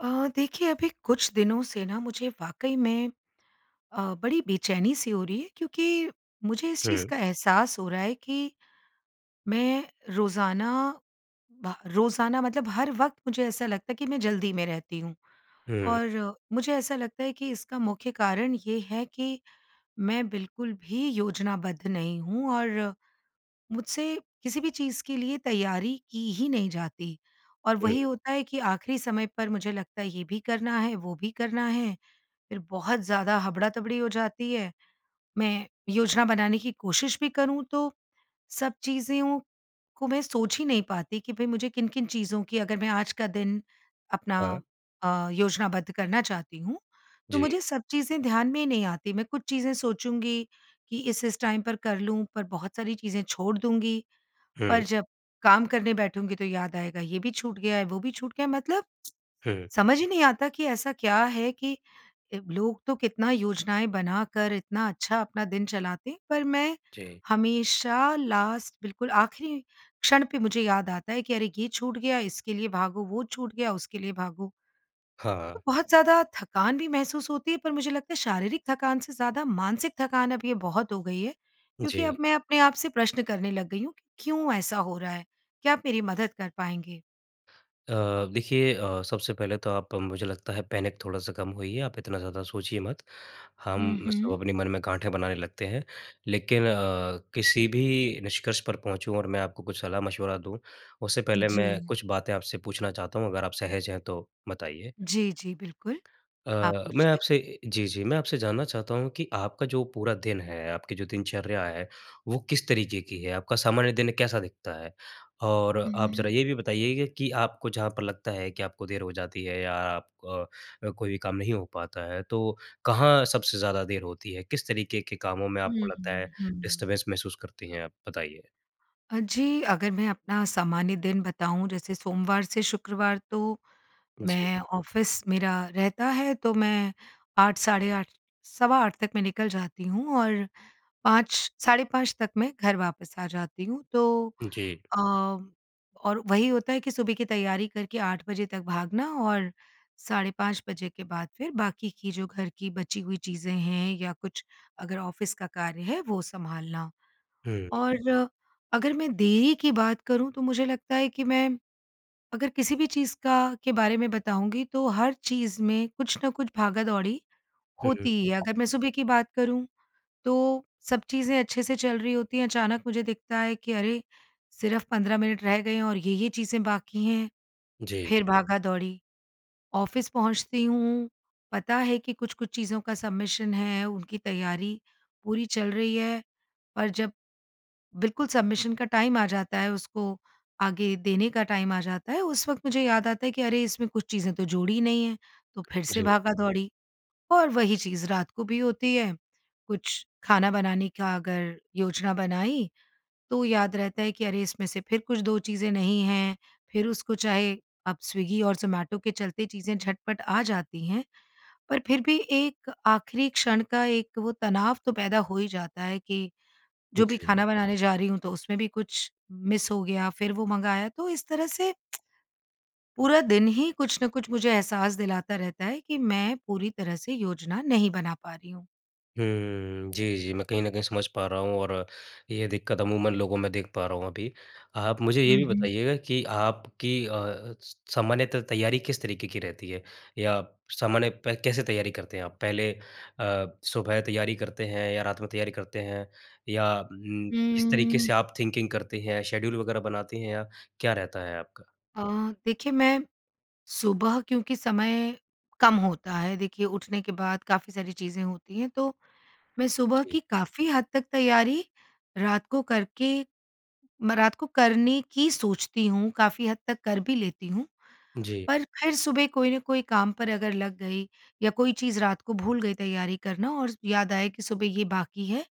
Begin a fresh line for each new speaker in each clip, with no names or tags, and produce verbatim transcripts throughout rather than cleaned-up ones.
अ, देखिए अभी कुछ दिनों से ना मुझे वाक़ई में अ, बड़ी बेचैनी-सी हो रही है, क्योंकि मुझे इस चीज़
हुँ।
का एहसास हो रहा है कि, मैं रोज़ाना भ रोज़ाना मतलब हर वक़्त मुझे ऐसा लगता है कि मैं जल्दी में रहती हूँ।
हुँ।
और मुझे ऐसा लगता है, कि इसका मुख्य कारण ये है कि, मैं बिल्कुल भी योजनाबद्ध नहीं हूँ और मुझसे किसी भी चीज़ के लिए तैयारी की ही नहीं जाती। और वही
हुँ।
होता है कि आखिरी समय पर मुझे लगता है, ये भी करना है, वो भी करना है, फिर बहुत ज़्यादा हबड़ातबड़ी हो जाती है। मैं योजना बनाने की कोशिश भी करूँ तो सब चीज़ें ओ को मैं सोच ही नहीं पाती, कि भई मुझे किन-किन चीज़ों की अगर मैं आज का दिन अपना
हाँ।
अ, योजनाबद्ध करना चाहती हूँ, तो
जी।
मुझे सब चीज़ें ध्यान में ही नहीं आती। मैं कुछ चीज़ें सोचूँगी कि इस-इस टाइम पर कर लूँ पर बहुत सारी चीज़ें छोड़ दूँगी। पर
हुँ।
जब काम करने बैठूँगी, तो याद आएगा ये भी छूट गया है, वो भी छूट गया है, मतलब
हुँ।
समझ ही नहीं आता कि ऐसा क्या है कि ए लोग तो कितना योजनाएँ बनाकर, इतना अच्छा अपना दिन चलाते हैं। पर मैं
जी।
हमेशा लास्ट बिल्कुल आखिरी क्षण पे मुझे याद आता है, कि अरे! ये छूट गया, इसके लिए भागो, वो छूट गया, उसके लिए भागो।
हाँ।
तो बहुत ज़्यादा थकान भी महसूस होती है। पर मुझे लगता है शारीरिक थकान से ज़्यादा, मानसिक थकान अब ये बहुत हो गई है। क्योंकि अब
जी।
मैं अपने आप से प्रश्न करने लग गई हूँ, कि क्यों ऐसा हो रहा है? क्या आप मेरी मदद कर पाएँगे?
अ, देखिए अ, सबसे पहले तो आप मुझे लगता है पैनिक थोड़ा-सा कम होइए, आप इतना ज़्यादा सोचिए मत।
हुँ,
हम सब
हुँ।
अपने मन में गाँठें बनाने लगते हैं, लेकिन अ, किसी भी निष्कर्ष पर पहुँचूँ और मैं आपको कुछ सलाह-मशवरा दूँ, उससे पहले मैं
जी।
कुछ बातें आपसे पूछना चाहता हूँ? अगर आप सहज हैं, तो बताइए।
जी, जी, बिल्कुल। आप
अ, मैं
पूछिए।
आपसे जी, जी। मैं आपसे जानना चाहता हूँ कि आपका जो पूरा दिन है, आपकी जो दिनचर्या है वो किस तरीकें की है, आपका सामान्य दिन कैसा दिखता है? और आप ज़रा
हुँ।
ये भी बताइएगा कि आपको जहाँ पर लगता है कि आपको देर हो जाती है या आप अ, कोई भी काम नहीं हो पाता है तो कहाँ सबसे ज़्यादा देर होती है? किस तरीकें के कामों में आपको
हुँ,
लगता है
हुँ, हुँ।
डिस्टरबेंस महसूस करती हैं आप बताइए?
अ, जी, अगर मैं अपना सामान्य दिन बताऊँ जैसे सोमवार से शुक्रवार तो,
जी।
मैं ऑफ़िस मेरा रहता है तो मैं आठ, साढ़े आठ, सवा आठ तक मैं निकल जाती हूँ और पाँच, साढ़े पाँच तक मैं घर वापस आ जाती हूँ तो
जी।
अ, और वही होता है कि सुबह की तैयारी करके आठ बजे तक भागना और साढ़े पाँच के बाद फिर बाकी की जो घर की बची हुई चीज़ें हैं या कुछ अगर ऑफ़िस का कार्य है, वो संभालना।
हुँ।
और अगर मैं देरी की बात करूँ तो मुझे लगता है कि मैं, अगर किसी भी चीज़ का के बारे में बताऊँगी तो हर चीज़ में कुछ न कुछ भागा-दौड़ी
हुँ, हुँ।
होती ही है। अगर मैं सुबह की बात करूँ तो सब चीज़ें अच्छे से चल रही होती हैं अचानक मुझे दिखता है कि, अरे! सिर्फ पंद्रह मिनट रह गए हैं, और ये-ये चीज़ें बाकी हैं,
जी।
फिर भागा-दौड़ी। ऑफ़िस पहुँचती हूँ पता है कि, कुछ-कुछ चीज़ों का सबमिशन है उनकी तैयारी पूरी चल रही है पर जब, बिल्कुल सबमिशन का टाइम आ जाता है, उसको आगे देने का टाइम आ जाता है, उस वक़्त मुझे याद आता है कि अरे! इसमें कुछ चीज़ें तो जोड़ी नहीं हैं, तो फिर से
जी।
भागा-दौड़ी और वहीं चीज़ रात को भी होती है। कुछ खाना बनाने का अगर योजना बनाई तो याद रहता है कि अरे इसमें से फिर कुछ दो चीज़ें नहीं हैं, फिर उसको चाहे अब स्विगी और ज़ोमैटो के चलते चीज़ें झटपट आ जाती हैं पर फिर भी एक आखिरी क्षण का एक वो तनाव तो पैदा हो ही जाता है कि, जो भी
जी।
खाना बनाने जा रही हूँ तो उसमें भी कुछ मिस हो गया। फिर वो मंगाया तो इस तरह से पूरा दिन ही कुछ न कुछ मुझे एहसास दिलाता रहता है, कि मैं पूरी तरह से योजना नहीं बना पा रही हूँ।
हुँ। जी, जी। मैं कहीं न कहीं समझ पा रहा हूँ और ये दिक्कत अमूमन लोगों में देख पा रहा हूँ अभी। आप मुझे ये
हुँ,
भी
हुँ।
बताइएगा कि आपकी अ अ, स सामान्यत तैयारी किस तरीके की रहती है? या सामान्य पे कैसे तैयारी करते हैं आप? पहले अ, सुबह तैयारी करते हैं या रात में तैयारी करते हैं, या हुँ किस तरीके
हुँ।
से आप थिंकिंग करते हैं, शेड्यूल वगैरह बनातीं हैं, या क्या रहता है आपका?
अ, देखिए मैं सुबह, क्योंकि समय कम होता है, देखिए उठने के बाद काफ़ी सारी चीज़ें होती हैं, तो मैं सुबह
जी।
की काफ़ी हद तक तैयारी रात को करके मैं रात को करने की सोचती हूँ, काफ़ी हद तक कर भी लेती हूँ।
जी
पर फिर सुबह कोई न कोई काम पर अगर लग गई या कोई चीज़ रात को भूल गई तैयारी करना और याद आया कि सुबह ये बाकी है,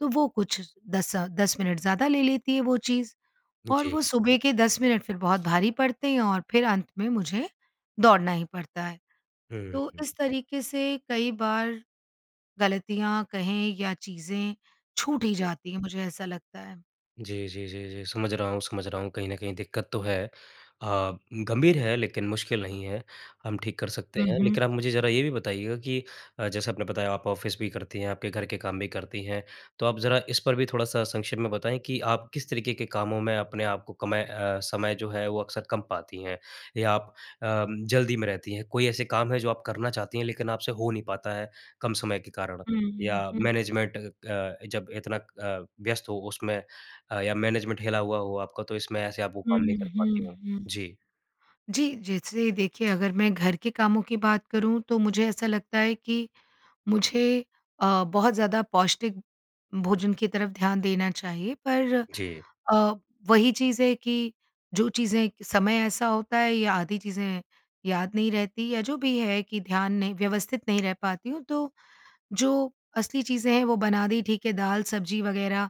तो वो कुछ दस अ, दस मिनट ज़्यादा ले लेती है, वो चीज़।
हुँ,
और
जी।
वो सुबह के दस मिनट फिर बहुत भारी पड़ते हैं और फिर अंत में मुझे, दौड़ना ही पड़ता है।
हुँ,
तो
हुँ।
इस तरीके से कई बार ग़लतियाँ कहें या चीज़ें छूट ही
जी।
जाती हैं, मुझे ऐसा लगता है।
जी, जी, जी, जी, समझ रहा हूँ, समझ रहा हूँ। कहीं न कहीं दिक्कत तो है अ, गंभीर है लेकिन मुश्किल नहीं है, हम ठीक कर सकते
हुँ,
हैं।
हुँ।
लेकिन आप मुझे ज़रा ये भी बताइएगा कि अ, जैसे आपने बताया आप ऑफ़िस भी करती हैं, आपके घर के काम भी करती हैं, तो आप ज़रा इस पर भी थोड़ा-सा संक्षेप में बताएँ कि आप किस तरीक़े के कामों में अपने आप को कमय अ, समय जो है, वो अक्सर कम पाती हैं या आप अ, जल्दी में रहती हैं। कोई ऐसे काम हैं, जो आप करना चाहती हैं लेकिन आपसे हो नहीं पाता है, कम समय के कारण?
हुँ,
या
हुँ।
मैनेजमेंट अ, जब इतना अ, व्यस्त हो उसमें अ, या मैनेजमेंट हिला हुआ हो आपका, तो इसमें ऐसे आप वो
हुँ,
काम नहीं कर
हुँ,
पाती हों?
हुँ।
जी।
जी, जैसे देखिए, अगर मैं घर के कामों की बात करूँ तो मुझे ऐसा लगता है कि, मुझे अ, बहुत ज़्यादा पौष्टिक भोजन की तरफ़ ध्यान देना चाहिए पर
जी।
अ, वही चीज़ है कि जो चीज़ें समय ऐसा होता है या आधी चीज़ें याद नहीं रहती या जो भी है, कि ध्यान नहीं व्यवस्थित नहीं रह पाती हूँ। तो, जो असली चीज़ें हैं, वो बना दी ठीक है, दाल-सब्ज़ी वगैरह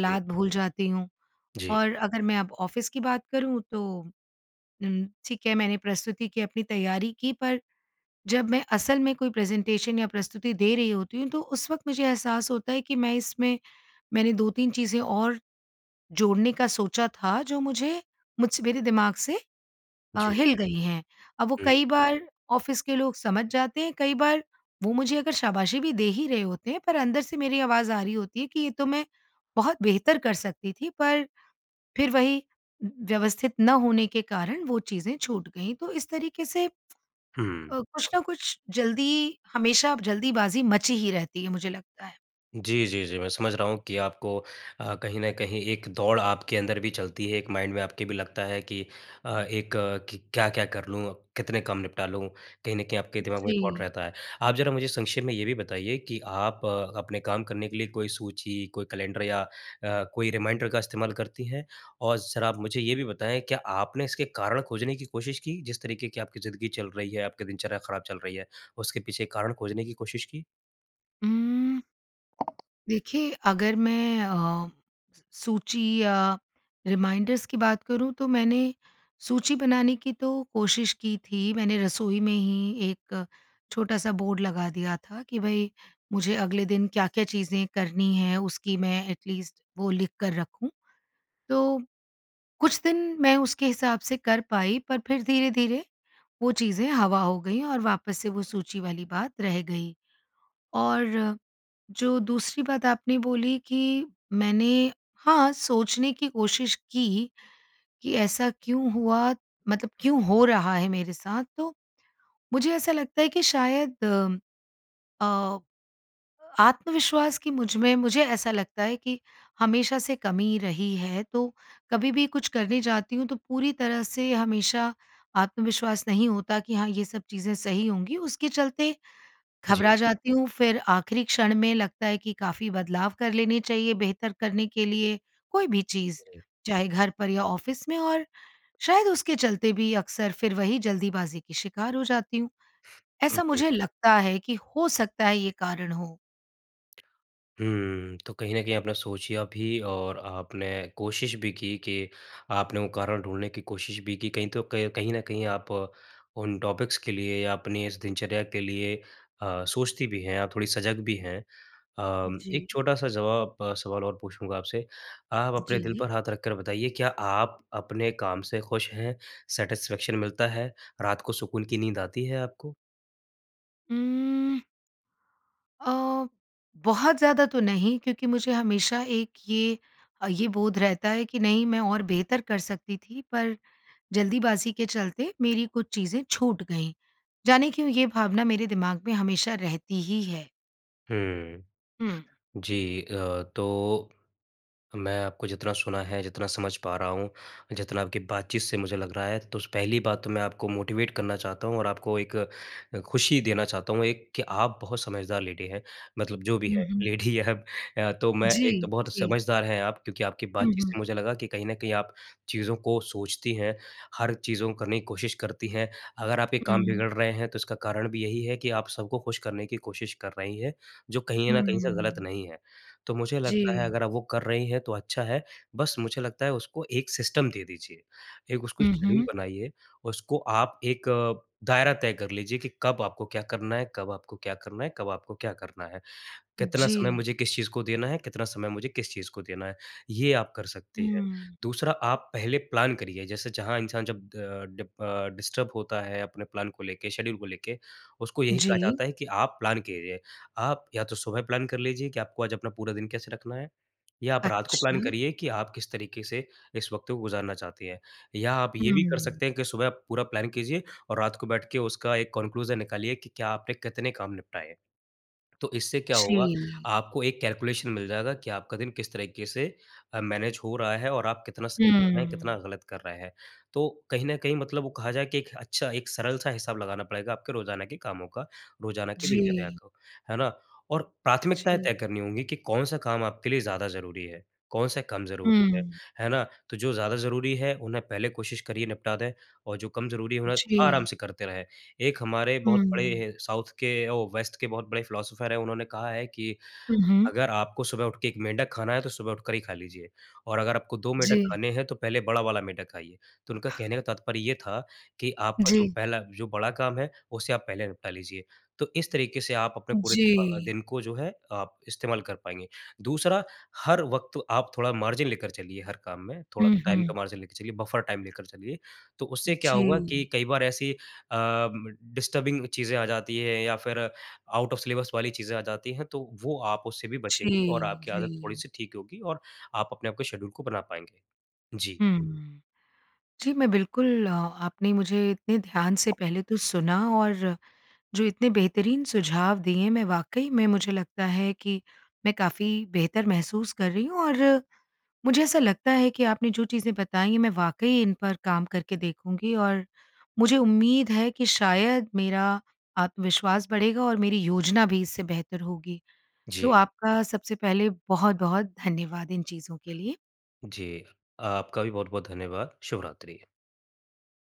जी।
भूल जाती हूँ।
जी
और अगर मैं अब ऑफ़िस की बात करूँ तो उम, ठीक है, मैंने प्रस्तुति की अपनी तैयारी की, पर जब मैं असल में कोई प्रेजेंटेशन या प्रस्तुति दे रही होती हूँ, तो उस वक़्त मुझे एहसास होता है कि मैं इसमें मैंने दो-तीन चीज़ें और जोड़ने का सोचा था, जो मुझे मुझसे मेरे दिमाग़ से अ,
जी।
हिल गई हैं। अब वो
हुँ।
कई बार ऑफ़िस के लोग समझ जाते हैं, कई बार वो मुझे अगर शाबाशी भी दे ही रहे होते हैं, पर अंदर से मेरी आवाज़ आ रही होती है, कि ये तो मैं बहुत बेहतर कर सकती थी, पर फिर वही व्यवस्थित न होने के कारण वो चीज़ें छूट गईं। तो इस तरीक़े से अ,
हुँ।
कुछ ना कुछ जल्दी हमेशा जल्दीबाज़ी मची ही रहती है, मुझे लगता है।
जी, जी, जी, मैं समझ रहा हूँ कि आपको अ, कहीं न कहीं एक दौड़ आप के अंदर भी चलती है, एक माइंड में आपके भी लगता है कि अ, एक क क्या-क्या कर लूँ, कितने काम निपटा लूँ, कहीं न कहीं आपके दिमाग में थॉट
जी।
रहता है। आप ज़रा मुझे संक्षेप में ये भी बताइए कि आप अपने काम करने के लिए कोई सूची, कोई कैलेंडर या अ, कोई रिमाइंडर का इस्तेमाल करती हैं? और ज़रा आप मुझे ये भी बताएँ, क्या आपने इसके कारण खोजने की कोशिश की, जिस तरीक़े की आपकी ज़िंदगी चल रही है, आपकी दिनचर्या खराब चल रही है, उसके पीछे कारण खोजने की कोशिश की?
हुँ। देखिए, अगर मैं अ, सू सूची या रिमाइंडर्स की बात करूँ तो मैंने, सूची बनाने की तो कोशिश की थी, मैंने रसोई में ही एक छोटा-सा बोर्ड लगा दिया था कि भई मुझे अगले दिन क्या-क्या चीज़ें करनी हैं उसकी मैं एटलीस्ट वो लिख कर रखूँ। तो, कुछ दिन मैं उसके हिसाब से कर पाई पर फिर धीरे-धीरे वो चीज़ें हवा हो गईं और वापस से वो सूची वाली बात रह गई। और जो दूसरी बात आपने बोली कि मैंने हाँ, सोचने की कोशिश की, कि ऐसा क्यों हुआ, मतलब क्यों हो रहा है मेरे साथ, तो मुझे ऐसा लगता है कि शायद अ, आत्मविश्वास की मुझ में मुझे ऐसा लगता है कि हमेशा से कमी रही है। तो कभी भी कुछ करने जाती हूँ, तो पूरी तरह से हमेशा आत्मविश्वास नहीं होता कि हाँ, ये सब चीज़ें सही होंगी उसके चलते
जी।
घबरा जाती हूँ, फिर आखिरी क्षण में लगता है कि काफ़ी बदलाव कर लेने चाहिए बेहतर करने के लिए। कोई भी चीज़
जी।
चाहे घर पर या ऑफ़िस में और शायद उसके चलते भी अक्सर फिर वही जल्दबाज़ी की शिकार हो जाती हूँ। ऐसा
जी।
मुझे लगता है कि हो सकता है, ये कारण हो।
हुँ, तो कहीं न कहीं आपने सोचिया भी और आपने कोशिश भी की कि, आपने वो कारण ढूँढ़ने की कोशिश भी की कहीं तो क कहीं न कहीं आप उन टॉपिक्स के लिए या अपनी इस दिनचर्या के लिए अ, सोचती भी हैं आप थोड़ी सजग भी हैं। अ, एक
जी।
छोटा-सा ज़वाब सवाल और पूछूँगा आपसे आप अपने दिल
जी।
पर हाथ रखकर बताइए, क्या आप अपने काम से खुश हैं? सैटिस्फैक्शन मिलता है, रात को सुकून की नींद आती है आपको?
उम्म। अ, बहुत ज़्यादा तो नहीं क्योंकि मुझे हमेशा एक ये अ, ये बोध रहता है कि नहीं मैं और बेहतर कर सकती थी पर, ज़ल्दीबाज़ी के चलते मेरी कुछ चीज़ें छूट गई। ज़ाने क्यों ये भावना मेरे दिमाग में हमेशा रहती ही है।
हुँ।
हुँ।
जी अ, तो मैं आपको जितना सुना है, जितना समझ पा रहा हूँ, जितना आपकी बातचीत से मुझे लग रहा है। तो पहली बात तो मैं आपको मोटिवेट करना चाहता हूँ और आपको एक खुशी देना चाहता हूँ, एक कि आप बहुत समझदार लेडी हैं, मतलब जो भी
हुँ,
है
हुँ।
लेडी या अ, तो मैं एक
जी।
तो बहुत
जी।
समझदार हैं आप क्योंकि आपकी
हुँ,
बातचीत
हुँ।
से मुझे लगा कि कहीं न कहीं आप चीज़ों को सोचती हैं, हर चीज़ों को करने की कोशिश करती हैं। अगर आपके काम
हुँ।
बिगड़ रहे हैं तो इसका कारण भी यही है कि आप सबको खुश करने की कोशिश कर रही हैं, जो कहीं न कहीं से ग़लत
हुँ।
नहीं है। तो मुझे लगता है
जी।
अगर आप वो कर रही हैं तो अच्छा है, बस मुझे लगता है उसको एक सिस्टम दे दीजिए एक उसको
हुँ,
शेड्यूल
हुँ।
बनाइए, उसको आप एक दायरा तय कर लीजिए कि कब आपको क्या करना है, कब आपको क्या करना है, कब आपको क्या करना है। कितना समय
जी।
मुझे किस चीज़ को देना है, कितना समय मुझे किस चीज़ को देना है, ये आप कर सकती है।
हुँ।
दूसरा आप पहले प्लान करिए जैसे जहाँ इंसान जब अ, डि अ, डिस्टर्ब होता है अपने प्लान को लेके, शेड्यूल को लेके उसको यही कहा
जी।
जाता है कि आप प्लान केरिये। आप या तो सुबह प्लान कर लीजिए कि आपको आज अपना पूरा दिन कैसे रखना है या आप रात को प्लान
अच्छा।
करिए कि आप किस तरीके से इस वक़्त को गुज़ारना चाहती हैं। या आप ये भी कर
हुँ।
सकते हैं कि सुबह आप पूरा प्लान कीजिए और रात को बैठ के उसका एक कन्क्लूजन निकालिए कि क्या आपने कितने काम निपटाए हैं। तो इससे क्या होगा,
जी।
आपको एक कैलकुलेशन मिल जाएगा कि आपका दिन किस तरीके से मैनेज हो रहा है और आप कितना सही कर रहे हैं,
हुँ।
कितना ग़लत कर रहे हैं। तो कहीं न कहीं मतलब वो कहा जाए कि एक अच्छा एक सरल-सा हिसाब लगाना पड़ेगा आपके रोज़ाना के कामों का, रोज़ाना की दिनचर्या
जी।
को, है ना? और प्राथमिकताएँ
जी।
तय करनी होंगी कि कौन-सा काम आपके लिए ज़्यादा ज़रूरी है, कौन-से काम ज़रूरी है,
हुँ।
है ना? तो जो ज़्यादा ज़रूरी है उन्हें पहले कोशिश करिए निपटा दें और जो कम ज़रूरी है उन्हें आराम
जी।
से करते रहें। एक हमारे बहुत
हुँ।
बड़े साउथ के ओ वेस्ट के बहुत बड़े फिलॉसफर है उन्होंने कहा है कि,
हुँ, हुँ।
अगर आपको सुबह उठ के एक मेंढक खाना है तो सुबह उठकर ही खा लीजिए और अगर आपको दो मेंढक
जी।
खाने हैं तो पहले बड़ा वाला मेंढक खाइए। तो उनका कहने का तात्पर्य ये था, कि आपका जो
जी।
पहला जो बड़ा काम है उसे आप पहले निपटा लीजिए। तो इस तरीके से आप अपने पूरे [unintelligible]
जी।
दिन को जो है आप इस्तेमाल कर पाएँगे। दूसरा हर वक़्त आप थोड़ा मार्जिन लेकर चलिए हर काम में, थोड़ा
हुँ,
टाइम का
हुँ।
मार्जिन लेके चलिए, बफर टाइम लेकर चलिए। तो उससे क्या होगा कि
जी।
कई बार ऐसी अ म डिस्टर्बिंग चीज़ें आ जाती हैं या फिर आउट ऑफ सिलेबस वाली चीज़ें आ जाती हैं, तो वो आप उससे भी
जी,
बचेंगीं और आपकी आदत
जी।
थोड़ी-सी ठीक होगी और आप अपने आपको शेड्यूल को बना पाएँगे। जी।
हुँ। जी, मैं बिल्कुल अ, आपने मुझे इतने ध्यान से पहले तो सुना और जो इतने बेहतरीन सुझाव दिए, मैं वाक़ई में मुझे लगता है कि मैं काफ़ी बेहतर महसूस कर रही हूँ। और मुझे ऐसा लगता है कि आपने जो चीज़ें बताईं, मैं वाक़ई इन पर काम करके देखूँगी और मुझे उम्मीद है कि शायद मेरा आत्मविश्वास बढ़ेगा और मेरी योजना भी इससे बेहतर होगी। तो
जी।
आपका सबसे पहले बहुत-बहुत धन्यवाद इन चीज़ों के लिए।
जी, आपका भी बहुत-बहुत धन्यवाद। शुभ रात्रि।